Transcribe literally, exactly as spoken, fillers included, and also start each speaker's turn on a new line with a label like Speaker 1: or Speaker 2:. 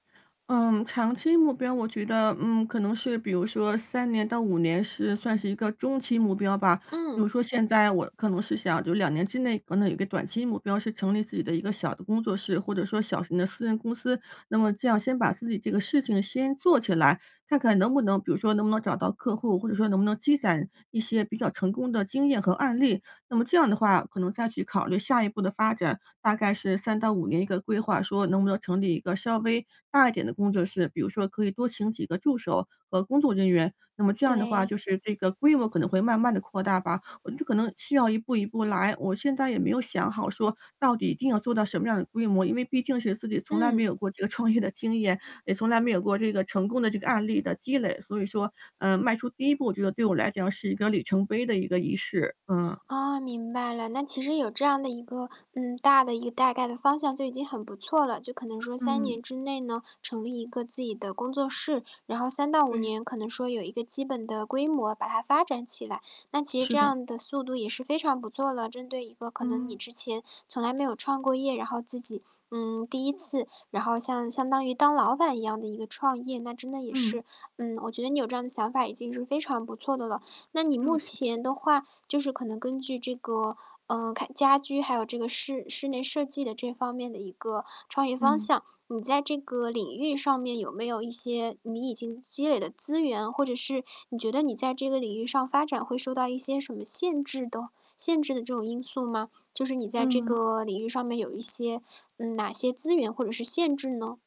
Speaker 1: 嗯，长期目标，我觉得，嗯，可能是比如说三年到五年是算是一个中期目标吧。比
Speaker 2: 嗯。
Speaker 1: 如说现在我可能是想就两年之内，可能有一个短期目标是成立自己的一个小的工作室或者说小型的私人公司。那么这样先把自己这个事情先做起来，看看能不能比如说能不能找到客户？或者说能不能积攒一些比较成功的经验和案例。那么这样的话可能再去考虑下一步的发展，大概是三到五年一个规划说“能不能成立一个稍微大一点的工作室”，比如说可以多请几个助手和工作人员。那么这样的话，
Speaker 2: 对。
Speaker 1: 就是这个规模可能会慢慢地扩大吧，我就可能需要一步一步来。我现在也没有想好说到底一定要做到什么样的规模？因为毕竟是自己从来没
Speaker 2: 嗯。
Speaker 1: 有过这个创业的经验，也从来没有过这个成功的这个案例的积累，所以说，呃，迈出第一步，我觉得对我来讲是一个里程碑的一个仪式。嗯。
Speaker 2: 哦，明白了。那其实有这样的一个，嗯，大的一个大概的方向就已经很不错了，就可能说三年
Speaker 1: 嗯。
Speaker 2: 之内呢，成立一个自己的工作室。然后三到五
Speaker 1: 对。
Speaker 2: 年可能说有一个基本的规模，把它发展起来，那其实
Speaker 1: 是
Speaker 2: 这
Speaker 1: 的。
Speaker 2: 样的速度也是非常不错了。针对一个可能你
Speaker 1: 嗯。
Speaker 2: 之前从来没有创过业，然后自己，嗯，第一次，然后像相当于当老板一样的一个创业。那真的也
Speaker 1: 嗯。
Speaker 2: 是，嗯，我觉得你有这样想法已经是非常不错的了。那你
Speaker 1: 嗯，
Speaker 2: 目
Speaker 1: 谢谢。
Speaker 2: 前的话就是可能根据这个，呃，开家居，还有这个室室内设计的这方面的一个创业方
Speaker 1: 嗯。
Speaker 2: 向。你在这个领域上面有没有一些你已经积累的资源，或者是你觉得你在这个领域上发展会受到一些什么限制的限制的这种因素吗？就是你在这
Speaker 1: 嗯。
Speaker 2: 个领域上面有一些嗯，哪些资源或者是限制呢？